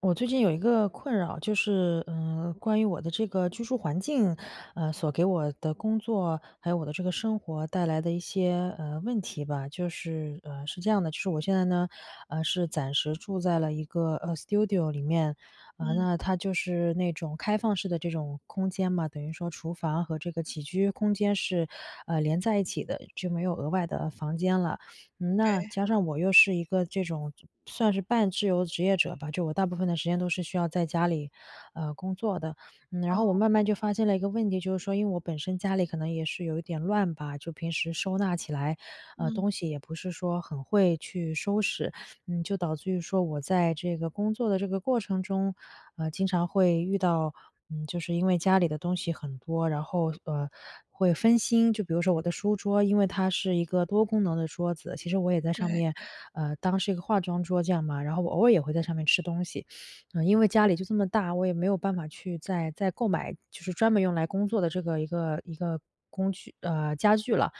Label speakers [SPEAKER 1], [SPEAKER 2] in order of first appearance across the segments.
[SPEAKER 1] 我最近有一个困扰。就是，呃，关于我的这个居住环境，呃，所给我的工作，还有我的这个生活带来的一些，呃，问题吧。就是呃，是这样的，就是我现在呢，呃，是暂时住在了一个，呃，studio 里面。呃，
[SPEAKER 2] 嗯。
[SPEAKER 1] 那它就是那种开放式的这种空间嘛，等于说厨房和这个起居空间是，呃，连在一起的，就没有额外的房间了。嗯，那
[SPEAKER 2] 对。
[SPEAKER 1] 加上我又是一个这种算是半自由职业者吧，就我大部分的时间都是需要在家里，呃，工作的。嗯，然后我
[SPEAKER 2] 哦。
[SPEAKER 1] 慢慢就发现了一个问题，就是说，因为我本身家里可能也是有一点乱吧。就平时收纳起来，呃，
[SPEAKER 2] 嗯。
[SPEAKER 1] 东西也不是说很会去收拾。嗯，就导致于说我在这个工作的这个过程中，呃，经常会遇到，嗯，就是因为家里的东西很多，然后，呃，会分心。就比如说我的书桌，因为它是一个多功能的桌子。其实我也在上
[SPEAKER 2] 对。
[SPEAKER 1] 面，呃，当是一个化妆桌这样嘛。然后我偶尔也会在上面吃东西。嗯，因为家里就这么大，我也没有办法去再再购买，就是专门用来工作的这个一个一个工具呃，家具了。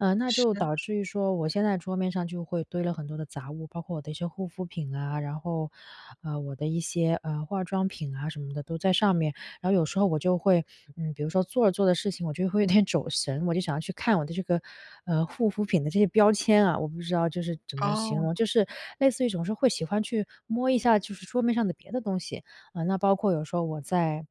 [SPEAKER 1] 呃，那就
[SPEAKER 2] 是。
[SPEAKER 1] 导致于说我现在桌面上就会堆了很多的杂物，包括我的一些护肤品啊，然后，呃，我的一些，呃，化妆品啊什么的都在上面。然后有时候我就会，嗯，比如说做着做着事情我就会有点走神，我就想要去看我的这个，呃，护肤品的这些标签啊。我不知道就是怎么形
[SPEAKER 2] 哦。
[SPEAKER 1] 容，就是类似于总是会喜欢去摸一下就是桌面上的别的东西，啊，那包括有时候我在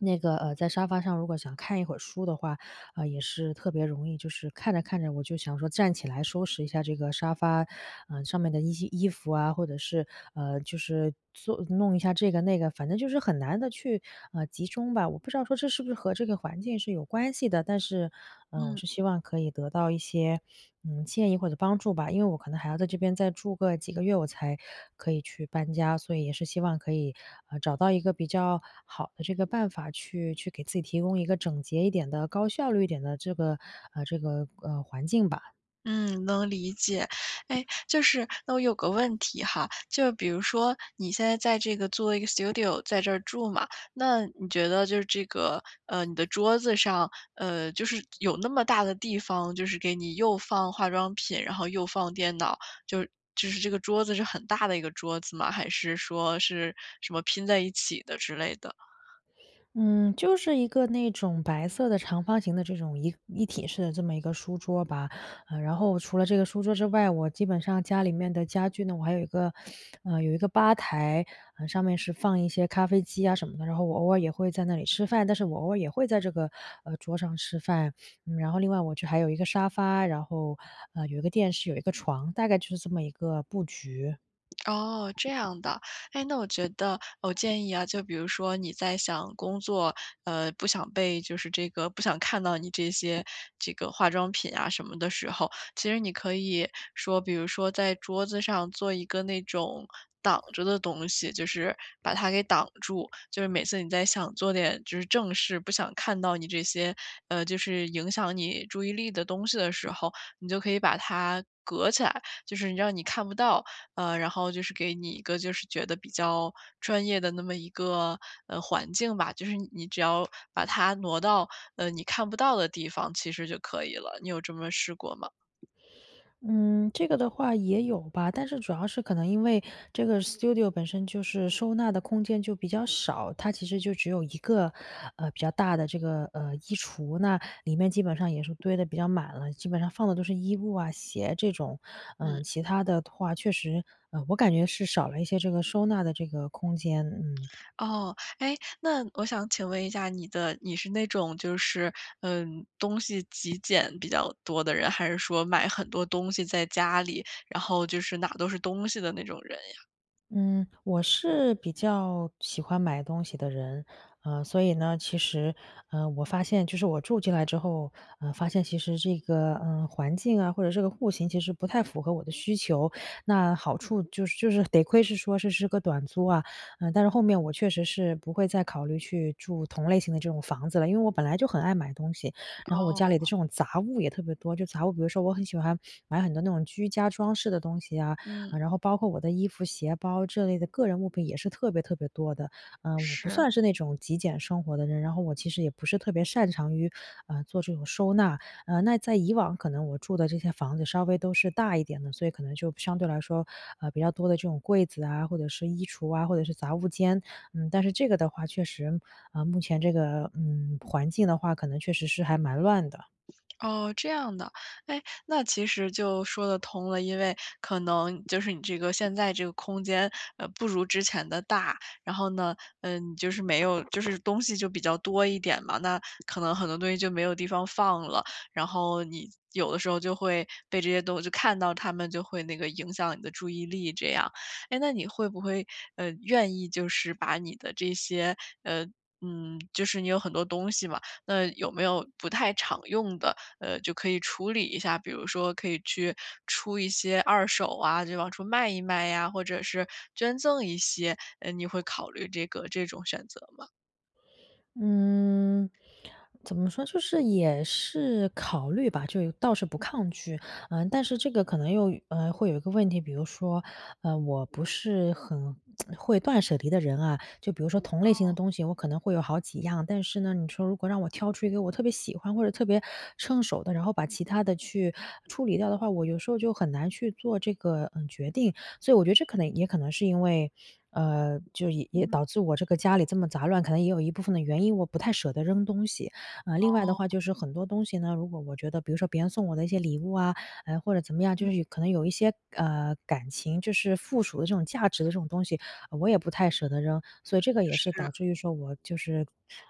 [SPEAKER 1] 那个，呃，在沙发上如果想看一会儿书的话，呃，也是特别容易，就是看着看着我就想说站起来收拾一下这个沙发，呃，上面的一些衣服啊，或者是，呃，就是做弄一下这个那个，反正就是很难地去，呃，集中吧。我不知道说这是不是和这个环境是有关系的，但是，呃，我
[SPEAKER 2] 嗯。
[SPEAKER 1] 是希望可以得到一些，嗯，建议或者帮助吧。因为我可能还要在这边再住个几个月，我才可以去搬家。所以也是希望可以，呃，找到一个比较好的这个办法去去给自己提供一个整洁一点的，高效率一点的这个呃，这个，呃，环境吧。
[SPEAKER 2] 嗯，能理解。诶，就是那我有个问题哈。就比如说你现在在这个做一个 Studio，在这儿住嘛。那你觉得就这个呃，你的桌子上，呃，就是有那么大的地方，就是给你又放化妆品，然后又放电脑。就就是这个桌子是很大的一个桌子吗？还是说是什么拼在一起的之类的？
[SPEAKER 1] 嗯，就是一个那种白色的长方形的这种一一体式的这么一个书桌吧。呃，然后除了这个书桌之外，我基本上家里面的家具呢我还有一个 呃，有一个吧台，呃，上面是放一些咖啡机啊什么的。然后我偶尔也会在那里吃饭，但是我偶尔也会在这个，呃，桌上吃饭。然后另外我就还有一个沙发，然后，呃，有一个电视，有一个床，大概就是这么一个布局。
[SPEAKER 2] 哦，这样的。诶，那我觉得我建议啊，就比如说你在想工作，嗯，不想被就是这个不想看到你这些，这个化妆品啊什么的时候，其实你可以说比如说在桌子上做一个那种挡着的东西，就是把它给挡住。就是每次你在想做点就是正事，不想看到你这些呃，就是影响你注意力的东西的时候，你就可以把它隔起来，就是让你看不到，呃，然后就是给你一个就是觉得比较专业的那么一个，呃，环境吧。就是你只要把它挪到，呃，你看不到的地方，其实就可以了。你有这么试过吗？
[SPEAKER 1] 嗯，这个的话也有吧。但是主要是可能因为这个 Studio 本身就是收纳的空间就比较少。它其实就只有一个，呃，比较大的这个，呃，衣橱，那里面基本上也是堆得比较满了，基本上放的都是衣物啊、鞋这种。呃，
[SPEAKER 2] 嗯。
[SPEAKER 1] 其它的话，确实，我感觉是少了一些这个收纳的这个空间，嗯。
[SPEAKER 2] 哦。诶，那我想请问一下你的你是那种就是嗯，东西极简比较多的人，还是说买很多东西在家里，然后就是哪都是东西的那种人呀？
[SPEAKER 1] 嗯，我是比较，喜欢买东西的人。呃，所以呢其实呃，我发现，就是我住进来之后，呃，发现其实这个，呃，环境啊，或者这个户型其实不太符合我的需求。那好处就是就是得亏是说这是个短租啊。呃，但是后面我确实是不会再考虑去住同类型的这种房子了。因为我本来就很爱买东西，然后我家里的
[SPEAKER 2] 哦。
[SPEAKER 1] 这种杂物也特别多，就杂物比如说我很喜欢买很多那种居家装饰的东西啊。
[SPEAKER 2] 嗯。
[SPEAKER 1] 呃，然后包括我的衣服、鞋、包这类的个人物品也是特别特别多的。呃，我不
[SPEAKER 2] 是。
[SPEAKER 1] 算是那种极简生活的人。然后我其实也不是特别擅长于，呃，做这种收纳。呃，那在以往可能我住的这些房子稍微都是大一点的，所以可能就相对来说，呃，比较多的这种柜子啊，或者是衣橱啊，或者是杂物间。嗯，但是这个的话，确实，呃，目前这个，嗯，环境的话可能确实是还蛮乱的。
[SPEAKER 2] 哦，这样的。诶，那其实就说得通了。因为可能就是你这个现在这个空间，呃，不如之前的大。然后呢，呃，你就是没有就是东西就比较多一点嘛。那可能很多东西就没有地方放了。然后你，有的时候就会被这些东西就看到它们，就会那个影响你的注意力，这样。诶，那你会不会，呃，愿意就是把你的这些呃，嗯，就是你有很多东西嘛，那有没有不太常用的，呃，就可以处理一下，比如说可以去，出一些二手啊，就往出卖一卖呀，或者是捐赠一些。呃，你会考虑这个这种选择吗？
[SPEAKER 1] 嗯，怎么说，就是也是考虑吧，就有倒是不抗拒。呃，但是这个可能又，呃，会有一个问题，比如说，呃，我不是很 会断舍离的人啊。就比如说同类型的
[SPEAKER 2] 哦。
[SPEAKER 1] 东西，我可能会有好几样。但是呢，你说如果让我挑出一个我特别喜欢或者特别称手的，然后把其它的去处理掉的话，我有时候就很难去做这个，嗯，决定。所以我觉得这可能也可能是因为呃，就也
[SPEAKER 2] 嗯。
[SPEAKER 1] 导致我这个家里这么杂乱，可能也有一部分的原因，我不太舍得扔东西。啊，另外的话
[SPEAKER 2] 哦。
[SPEAKER 1] 就是很多东西呢，如果我觉得比如说别人送我的一些礼物啊，呃，或者怎么样，
[SPEAKER 2] 嗯。
[SPEAKER 1] 就是可能有一些，呃，感情，就是附属的这种价值的这种东西，我也不太舍得扔。所以这个也是导
[SPEAKER 2] 是。
[SPEAKER 1] 致于说我就是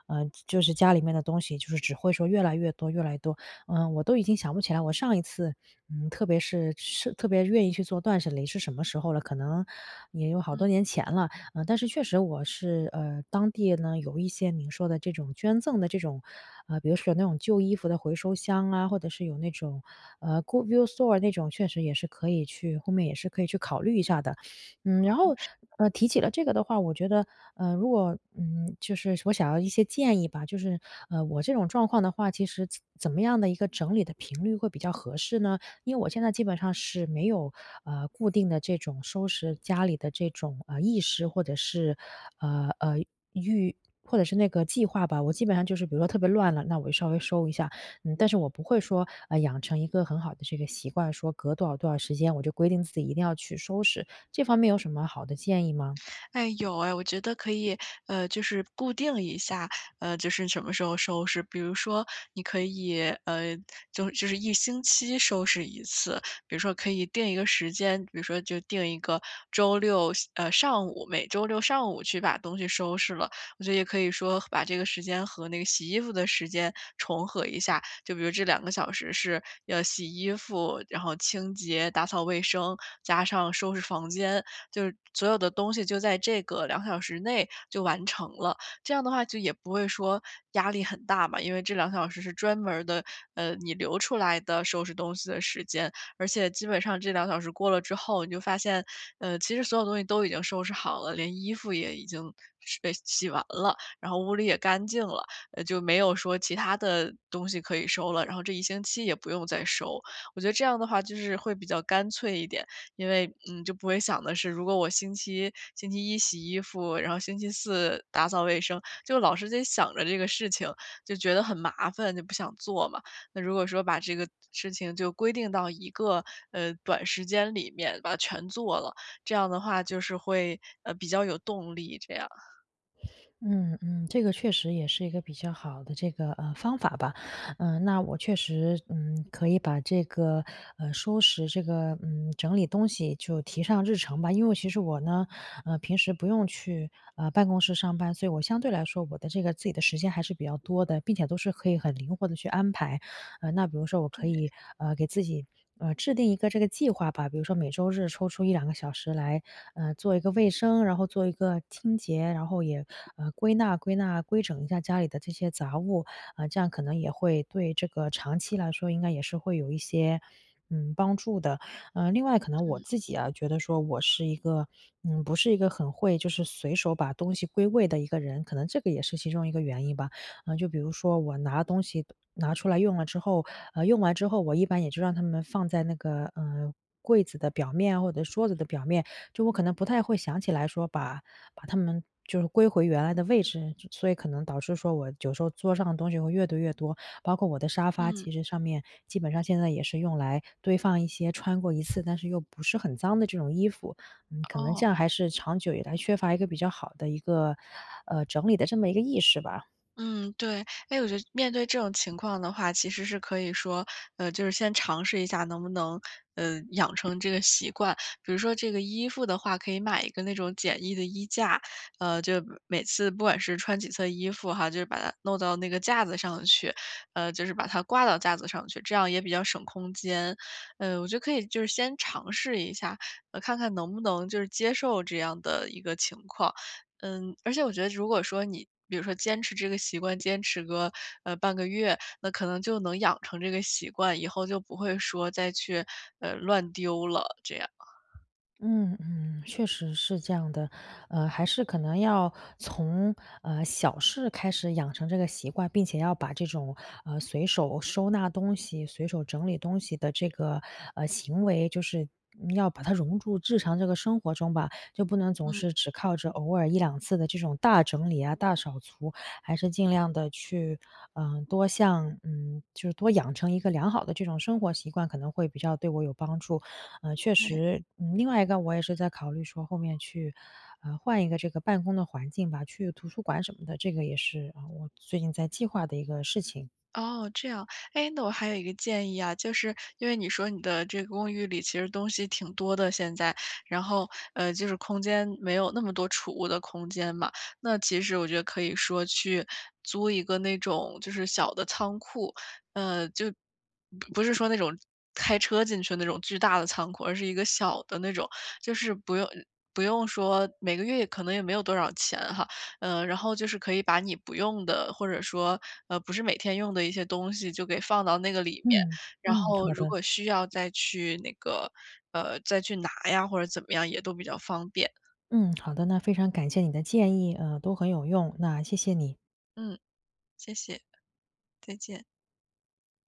[SPEAKER 1] 呃，就是家里面的东西，就是只会说越来越多越来越多。呃，我都已经想不起来，我上一次，嗯，特别是是特别愿意去做断舍离是什么时候了，可能也有好
[SPEAKER 2] 嗯。
[SPEAKER 1] 多年前了。呃，但是确实我是，呃，当地呢，有一些您说的这种捐赠的这种，呃，比如说有那种旧衣服的回收箱啊，或者是有那种，呃，good use store 那种，确实也是可以去后面也是可以去考虑一下的。嗯，然后，
[SPEAKER 2] 是的。
[SPEAKER 1] 呃，提起了这个的话，我觉得，呃，如果，嗯，就是我想要一些建议吧。就是，呃，我这种状况的话，其实怎怎么样的一个整理的频率会比较合适呢？因为我现在基本上是没有，呃，固定的这种收拾家里的这种，呃，意识，或者是，呃呃，预或者是那个计划吧。我基本上就是比如说特别乱了，那我就稍微收一下。嗯，但是我不会说，呃，养成一个很好的这个习惯，说隔多少多少时间，我就规定自己一定要去收拾。这方面有什么好的建议吗？
[SPEAKER 2] 哎，有哎。我觉得可以，呃，就是固定一下，呃，就是什么时候收拾。比如说你可以，呃，就就是1星期收拾1次，比如说可以定一个时间。比如说就定一个周六下呃，上午，每周六上午去把东西收拾了。我觉得也可以说和把这个时间和那个洗衣服的时间重合一下，就比如这2个小时是要洗衣服，然后清洁打扫卫生，加上收拾房间，就是所有的东西就在这个2小时内就完成了。这样的话就也不会说压力很大嘛，因为这2小时是专门儿的，呃，你留出来的收拾东西的时间。而且基本上这2小时过了之后，你就发现，呃，其实所有东西都已经收拾好了，连衣服也已经收呃，洗完了，然后屋里也干净了。呃，就没有说其它的东西可以收了，然后这一星期也不用再收。我觉得这样的话就是会比较干脆一点，因为，嗯，就不会想的是如果我星期星期一洗衣服，然后星期四打扫卫生，就老是在想着这个事情，就觉得很麻烦，就不想做嘛。那如果说把这个事情就规定到一个，呃，短时间里面，把它全做了，这样的话就是会，呃，比较有动力这样。
[SPEAKER 1] 嗯嗯，这个确实也是一个比较好的这个，呃，方法吧。呃，那我确实，嗯，可以把这个，呃，收拾这个嗯，整理东西就提上日程吧。因为其实我呢，呃，平时不用去，呃，办公室上班。所以我相对来说，我的这个自己的时间还是比较多的，并且都是可以很灵活地去安排。呃，那比如说我可
[SPEAKER 2] 对。
[SPEAKER 1] 以，呃，给自己，呃，制定一个这个计划吧，比如说每周日抽出1-2个小时来，呃，做一个卫生，然后做一个清洁。然后也，呃，归纳归纳，归整一下家里的这些杂物。呃，这样可能也会对这个长期来说应该也是会有一些，嗯，帮助的。呃，另外可能我
[SPEAKER 2] 嗯。
[SPEAKER 1] 自己啊，觉得说我是一个嗯，不是一个很会就是随手把东西归位的一个人。可能这个也是其中一个原因吧，呃，就比如说我拿东西，拿出来用了之后，呃，用完之后，我一般也就让它们放在那个，呃，柜子的表面或者桌子的表面。就我可能不太会想起说把把它们就是归回原来的位置，所以可能导致说我有时候桌上的东西会越堆越多。包括我的沙发，
[SPEAKER 2] 嗯。
[SPEAKER 1] 其实上面基本上现在也是用来堆放一些穿过一次，但是又不是很脏的这种衣服。嗯，可能这
[SPEAKER 2] 哦。
[SPEAKER 1] 样还是长久以来缺乏一个比较好的一个，呃，整理的这么一个意识吧。
[SPEAKER 2] 嗯，对。诶，我觉得面对这种情况的话，其实是可以说呃，就是先尝试一下能不能，呃，养成这个习惯。比如说这个衣服的话可以买一个那种简易的衣架，呃，就每次不管是穿几次地衣服哈，就把它弄到那个架子上去，呃，就是把它挂到架子上去，这样也比较省空间。呃，我觉得可以就是先尝试一下，呃，看看能不能就是接受这样的一个情况。嗯，而且我觉得如果说你比如说坚持这个习惯，坚持个，呃，半个月。那可能就能养成这个习惯，以后就不会说再去，呃，乱丢了这样。
[SPEAKER 1] 嗯嗯，确实是这样的。呃，还是可能要从，呃，小事开始养成这个习惯。并且要把这种，呃，随手收纳东西，随手整理东西的这个，呃，行为，就是要把它融入日常这个生活中吧。就不能总
[SPEAKER 2] 嗯。
[SPEAKER 1] 是只靠着偶尔1-2次的这种大整理啊，大扫除，还是尽量地去，呃，多向嗯，就是多养成一个良好的这种生活习惯，可能会比较对我有帮助。嗯，确
[SPEAKER 2] 对。
[SPEAKER 1] 实，呃，另外一个我也是在考虑说后面去，呃，换一个这个办公的环境吧，去图书馆什么的，这个也是，呃，我最近在计划的一个事情。
[SPEAKER 2] 哦，这样。诶，那我还有一个建议啊，就是因为你说你的这个公寓里其实东西挺多的现在，然后，呃，就是空间没有那么多储物的空间嘛。那其实我觉得可以说去租一个那种就是小的仓库。呃，就不是说那种开车进去那种巨大的仓库，而是一个小的那种。就是不用不用说每个月可能也没有多少钱哈，呃，然后就是可以把你不用的，或者说，呃，不是每天用的一些东西就给放到那个里面，
[SPEAKER 1] 嗯，
[SPEAKER 2] 然
[SPEAKER 1] 嗯，
[SPEAKER 2] 后
[SPEAKER 1] 好
[SPEAKER 2] 如
[SPEAKER 1] 的。
[SPEAKER 2] 果需要再去那个呃，再去拿呀，或者怎么样，也都比较方便。
[SPEAKER 1] 嗯，好的。那非常感谢你的建议，呃，都很有用，那谢谢你。
[SPEAKER 2] 嗯，谢谢，再见。